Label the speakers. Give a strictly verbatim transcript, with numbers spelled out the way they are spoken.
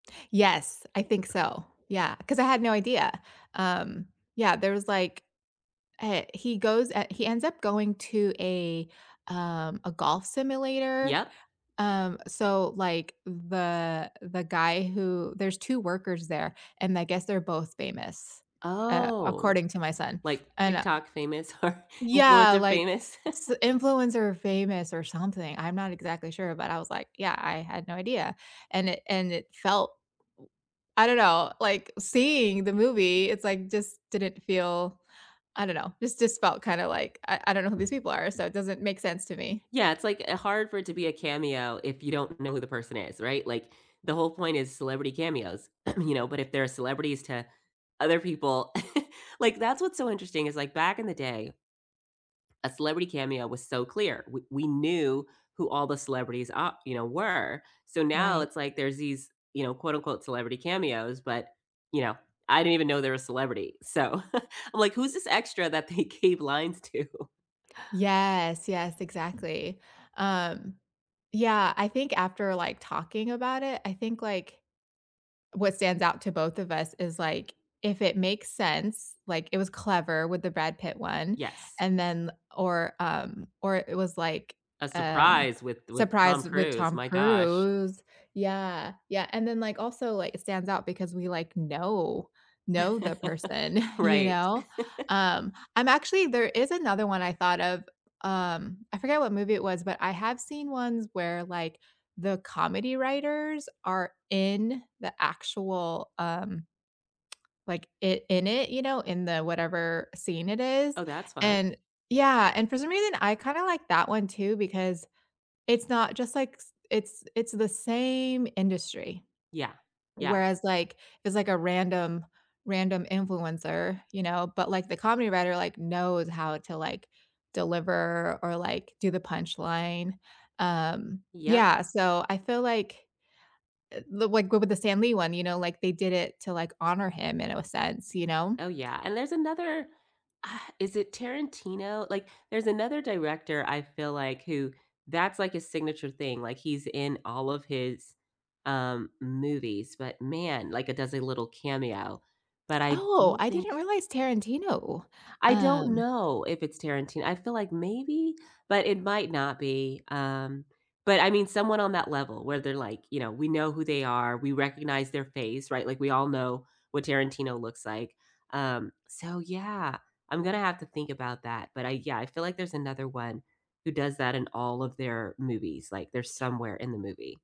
Speaker 1: Yes, I think so, yeah, 'cause I had no idea. Um, yeah, there was like, uh he goes he ends up going to a, um, a golf simulator,
Speaker 2: Yup.
Speaker 1: um, so like, the the guy who There's two workers there, and I guess they're both famous, uh-
Speaker 2: Oh,
Speaker 1: according to my son-
Speaker 2: like
Speaker 1: and I
Speaker 2: TikTok famous or
Speaker 1: Yeah,
Speaker 2: influencer
Speaker 1: like,
Speaker 2: famous?
Speaker 1: s influencer famous or something, I'm not exactly sure, but I was like, "yeah, I had no idea," and it and it felt l I don't know, like, seeing the movie, it's like, just didn't feel, I don't know, it just felt kind of like, I I don't know who these people are, so it doesn't make sense to me.
Speaker 2: Yeah, it's like, uh, hard for it to be a cameo if you don't know who the person is, right, like, the whole point is celebrity cameos. You know, but if they're celebrities to other people Like that's what's so interesting is like back in the day a celebrity cameo was so clear, we we knew who all the celebrities ar you know, were. So now
Speaker 1: Right.
Speaker 2: it's like there's these, you know, quote unquote celebrity cameos, but, you know, I didn't even know they're a celebrity. So I'm like, who's this extra that they gave lines to?
Speaker 1: Yes, yes, exactly. Um, yeah, I think after like, talking about it, I think like what stands out to both of us is like, if it makes sense, like, it was clever with the Brad Pitt one,
Speaker 2: Yes.
Speaker 1: and then or, um, or it was like,
Speaker 2: A
Speaker 1: um,
Speaker 2: surprise with with Tom
Speaker 1: surprised with
Speaker 2: Cruise,
Speaker 1: Tom
Speaker 2: my gosh.
Speaker 1: Cruise. Yeah, yeah, and then like also like it stands out because we like, know know the person, you
Speaker 2: Right.
Speaker 1: know, um, I'm Actually, there is another one I thought of, um, I forget what movie it was, but I have seen ones where like, the comedy writers are in the actual, um like, it in it, you know, in the whatever scene it is,
Speaker 2: Oh, that's fun.
Speaker 1: and yeah, and for some reason, I kind of like that one too, because it's not just like, s it's it's the same industry.
Speaker 2: Yeah, yeah.
Speaker 1: Whereas like, it's like a random random influencer, you know, but like the comedy writer like, knows how to like, deliver or like, do the punchline. Um
Speaker 2: Yup.
Speaker 1: yeah, so I feel like, uh like go with the Stan Lee one, you know, like they did it to like honor him in a sense, you know?
Speaker 2: Oh yeah, and there's another, ugh is it Tarantino? Like, there's another director I feel like who that's like a signature thing, like he's in all of his, um, movies, but man, like it does a little cameo, but I
Speaker 1: Oh,
Speaker 2: don't
Speaker 1: I
Speaker 2: think
Speaker 1: didn't realize Tarantino,
Speaker 2: I don't
Speaker 1: um
Speaker 2: know if it's Tarantin I feel like maybe, but it might not be. Um, but I mean someone on that level where they're like, you know, we know who they are, we recognize their face, right? Like we all know what Tarantino looks like, um, so yeah, I'm gonna have to think about that, but I yeah, I feel like there's another one who does that in all of their movies, like they're somewhere in the movie.